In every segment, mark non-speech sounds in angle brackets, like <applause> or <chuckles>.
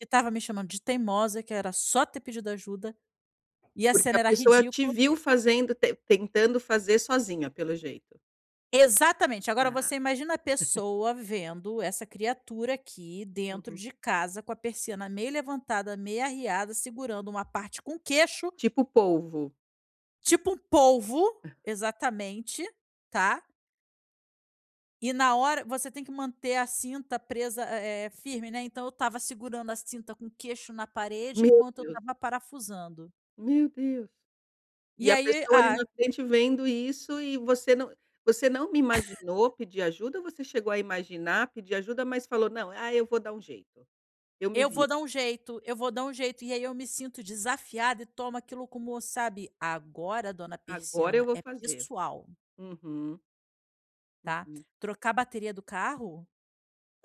Ele estava me chamando de teimosa, que era só ter pedido ajuda, e a Porque a cena era pessoa te ridícula. viu fazendo tentando fazer sozinha, pelo jeito. Exatamente, agora Ah. você imagina a <laughs> pessoa vendo essa criatura aqui dentro Uhum. de casa, com a persiana meio levantada, meio arreada, segurando uma parte com queixo. Tipo polvo. Tipo um polvo, exatamente, tá. E na hora você tem que manter a cinta presa, eh eh, firme, né. Então eu estava segurando a cinta com queixo na parede Meu enquanto eu Deus. estava parafusando. Meu Deus. E E a aí, pessoa ali a no acidente vendo isso, e você não você não <chuckles> imaginou pedir ajuda? Ou você chegou a imaginar pedir ajuda, mas falou: "Não, ah, eu vou dar um jeito, eu me Eu vou viro"? dar um jeito eu vou dar um jeito e aí eu me sinto desafiada e tomo aquilo como sabe, agora dona Agora eu persiana, vou é fazer. pessoal. Uhum. Tá? Uhum. Trocar a bateria do carro?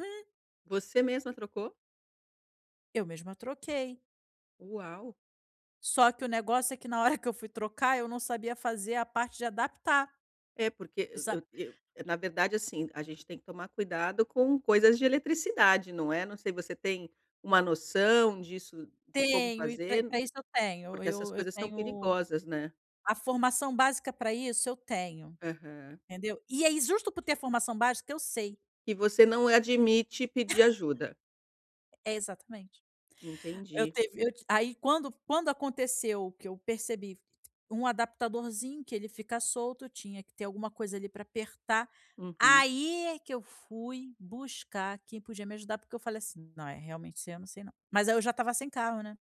Hum. Você mesma trocou? Eu mesma troquei. Uau. Só que o negócio é que na hora que eu fui trocar, não sabia fazer a parte de adaptar, É porque eu exato. eu eu na verdade, assim, a gente tem que tomar cuidado com coisas de eletricidade, não é. Não sei você tem uma noção disso de como Tenho e pra fazer, pra isso eu tenho porque essas eu eu coisas são tenho perigosas, né. a formação básica pra isso eu tenho. Aham. Entendeu? E ai justo por ter formação básica. Eu sei. E você não admite pedir <chuckles> ajuda. É, exatamente. Eu Entendi. teve eu ti aí, quando quando aconteceu que eu percebi um adaptadorzinho que ele fica solto, tinha que ter alguma coisa ali pra apertar, Uhum. aí é que eu fui buscar quem podia me ajudar, porque eu falei assim: “Não, realmente isso eu não sei não”, mas aí eu já estava sem carro, né.